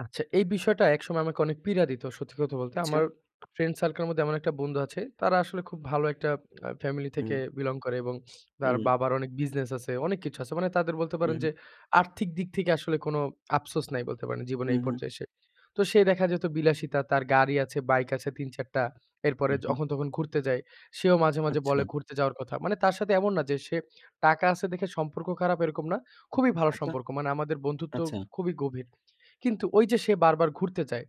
আচ্ছা, এই বিষয়টা একসময় আমাকে অনেক পীড়া দিত। সত্যি কথা বলতে। আচ্ছা। আমার ফ্রেন্ড সার্কেল এর মধ্যে এমন একটা বন্ধু আছে। তারা আসলে খুব ভালো একটা আ ফ্যামিলি থেকে হুম। বিলং করে এবং তার হুম। বাবার অনেক বিজনেস আছে, অনেক কিছু আছে। মানে তাদের বলতে পারেন হুম। যে আর্থিক দিক থেকে আসলে কোনো আফসোস নাই বলতে পারেন জীবনে হু, এই হু। পর্যায়ে এসে। তো সে দেখা যেত বিলাসিতা তার গাড়ি আছে, বাইক আছে ৩ ৪ টা। উ এরপরে হুম। যখন তখন ঘুরতে যায় সেও মাঝে, মাঝে আচ্ছা। বলে ঘুরতে যাওয়ার কথা। মানে তার সাথে এমন না যে সে টাকা আছে দেখে সম্পর্ক খারাপ এরকম না। খুবই ভালো আচ্ছা। সম্পর্ক। মানে আমাদের বন্ধুত্ব আচ্ছা। খুবই গভীর। কিন্তু ঐ যে সে বারবার ঘুরতে যায়।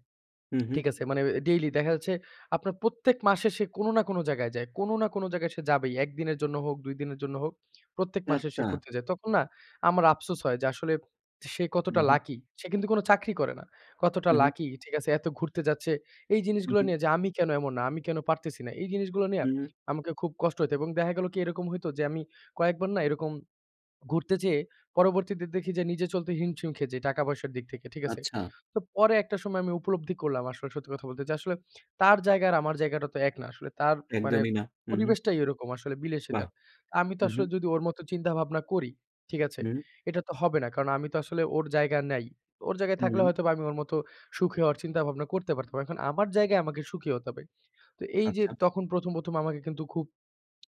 হুম, হুম। ঠিক আছে? মানে এ ডেইলি দেখা যাচ্ছে আপনার প্রত্যেক মাসে সে কোনো না কোনো জায়গায় যায়। কোনো না কোনো জায়গায় সে যাবেই। ১ দিনের জন্য হোক, ২ দিনের জন্য হোক, প্রত্যেক মাসে আচ্ছা। সে ঘুরতে যায়। তখন না আমার আফসোস হয় যে আসলে সে হুম, কতটা হুম। লাকি সে কিন্তু কোনো চাকরি করে না। কতটা হু, হু। লাকি ঠিক আছে এত ঘুরতে যাচ্ছে। এই হু, জিনিসগুলো হু। নিয়ে যে আমি কেনো এমন না, আমি কেনো পারতেছি না। এই জিনিসগুলো নিয়ে হুম। আমাকে খুব কষ্ট হইত। এবং দেখা গেল কি এরকম হইত যে আমি কয়েকবার না এরকম ঘুরতে যেয়ে পরবর্তীতে দেখি যে নিজে চলতে হিমশিম খেয়ে যাই টাকা পয়সার দিক থেকে। ঠিক আছে? আচ্ছা। তো পরে একটা সময় আমি উপলব্ধি করলাম আসলে সত্যি কথা বলতে। যে আসলে তার জায়গা আর আমার জায়গাটা তো এক না আসলে। তার মানে একদমই না। উ হু। পরিবেশটাই ওরকম আসলে বাহ! বিলাসিতার। আমি তো হু, হু। আসলে যদি ওর মত চিন্তা ভাবনা করি, ঠিক আছে? হুম। এটা তো হবে না। কারণ আমি তো আসলে ওর জায়গা নাই। ওর জায়গায় থাকলে হু। হয়তো আমি ওর মত সুখী হওয়ার চিন্তা ভাবনা করতে পারতাম। এখন আমার জায়গায় আমাকে সুখী হতে হবে। তো এই যে আচ্ছা। তখন ১ম ১ম আমাকে কিন্তু খুব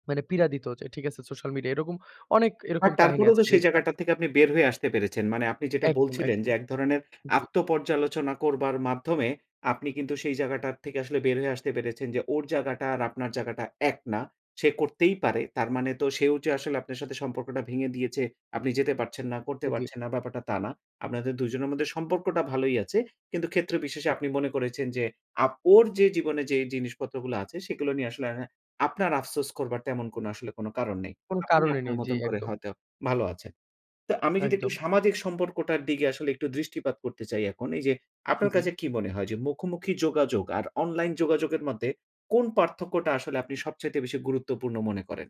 মানে পীড়া দিত। ঠিক আছে সোশ্যাল মিডিয়া এরকম অনেক বাট এরকম কাহিনী তারপরেও আছে তো সেই যেটা জায়গাটা থেকে আপনি বের হয়ে আসতে পেরেছেন। মানে আপনি যেটা একদম, বলছিলেন, যে একদম। একধরনের জি। আত্ম-পর্যালোচনা করবার মাধ্যমে আপনি কিন্তু সেই জায়গাটার থেকে আসলে বের হয়ে আসতে পেরেছেন যে ওর জায়গাটা আর আপনার জায়গাটা এক না। সে করতেই পারে। তার মানে তো সেও যে আসলে আপনার সাথে সম্পর্কটা ভেঙে দিয়েছে। আপনি যেতে পারছেন না, করতে এ জি। পারছেন না ব্যাপারটা তা না। আপনাদের দুজনের মধ্যে সম্পর্কটা ভালোই আছে। কিন্তু ক্ষেত্র বিশেষে আপনি মনে করেছেন যে আপ ওর যে জীবনে যে জিনিসপত্রগুলো আছে সেগুলো নিয়ে আসলে আপনার আফসোস করবার তেমন কোনো আসলে কোনো কারণ নেই। কোনো আপনি কারণই আপনার নেই। জি, মতন করে একদম। হয়তো ভালো আছেন। তো আমি যদি একটু একদম। সামাজিক সম্পর্কটার দিকে আসলে একটু দৃষ্টিপাত করতে চাই এখন এই যে জি, আপনার জি। কাছে কি মনে হয় যে মুখোমুখি যোগাযোগ আর অনলাইন যোগাযোগের মধ্যে কোন পার্থক্যটা আসলে আপনি সবচাইতে বেশি গুরুত্বপূর্ণ মনে করেন?